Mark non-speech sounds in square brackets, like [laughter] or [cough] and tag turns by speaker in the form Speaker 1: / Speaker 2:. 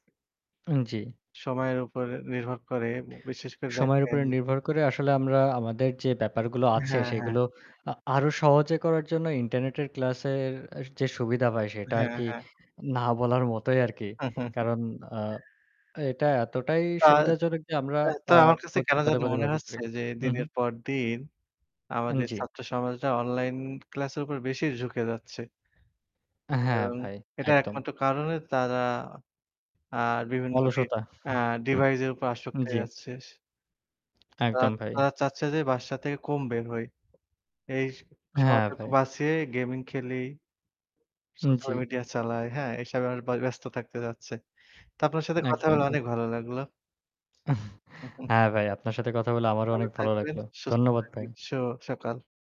Speaker 1: জ্বি।
Speaker 2: সময়ের উপর নির্ভর করে, বিশেষ করে
Speaker 1: সময়ের
Speaker 2: দেখেন
Speaker 1: উপরে
Speaker 2: যে
Speaker 1: নির্ভর করে আসলে আমরা আমাদের যে ব্যাপারগুলো আছে
Speaker 2: হ্যাঁ, হ্যাঁ।
Speaker 1: সেগুলো আ আরও সহজে করার জন্য ইন্টারনেটের ক্লাসের অ্যা যে সুবিধা ভাই, সেটা
Speaker 2: হ্যাঁ,
Speaker 1: আরকি
Speaker 2: হ্যাঁ।
Speaker 1: না বলার মতোই আরকি।
Speaker 2: [chuckles]
Speaker 1: কারণ আ এটা এতটাই
Speaker 2: তা
Speaker 1: সুবিধাজনক যে আমরা
Speaker 2: তা তো
Speaker 1: আ
Speaker 2: আমার কাছে
Speaker 1: প্রত
Speaker 2: কেন
Speaker 1: পদে,
Speaker 2: জানি
Speaker 1: পদে
Speaker 2: মনে
Speaker 1: ব্যবহার করি।
Speaker 2: হচ্ছে যে
Speaker 1: উহু।
Speaker 2: দিনের পর দিন
Speaker 1: আন
Speaker 2: আমাদের
Speaker 1: জ্বী।
Speaker 2: ছাত্র সমাজটা অনলাইন ক্লাসের উপর বেশি ঝুঁকে যাচ্ছে।
Speaker 1: হ্যাঁ
Speaker 2: এবং
Speaker 1: ভাই,
Speaker 2: এটা
Speaker 1: একদম।
Speaker 2: একমাত্র কারণে তারা আ বিভিন্ন ডি
Speaker 1: অলসতা।
Speaker 2: ডিভাইস এর উপর
Speaker 1: [chuckles]
Speaker 2: আসক্তি
Speaker 1: জ্বী।
Speaker 2: যাচ্ছে। তা
Speaker 1: একদম ভাই।
Speaker 2: তারা চাচ্ছে যে বাসা থেকে কম বের হই। এই
Speaker 1: হ্যাঁ
Speaker 2: সময়টা
Speaker 1: ভাই।
Speaker 2: বাঁচিয়ে গেমিং খেলি। সোশ্যাল
Speaker 1: জ্বি।
Speaker 2: মিডিয়া চালায়। হ্যাঁ এসবে ব ব্যস্ত থাকতে যাচ্ছে। তো আপনার সাথে কথা
Speaker 1: একদম
Speaker 2: বলা
Speaker 1: ভাই।
Speaker 2: অনেক ভালো লাগলো। হু,
Speaker 1: [chuckles]
Speaker 2: হু।
Speaker 1: হ্যাঁ ভাই, আপনার সাথে কথা বলে আমারও
Speaker 2: ভালো
Speaker 1: অনেক ভালো
Speaker 2: থাকবেন,
Speaker 1: লাগলো।
Speaker 2: সুস্থ
Speaker 1: ধন্যবাদ ভাই।
Speaker 2: থাকবেন। শুভ সকাল।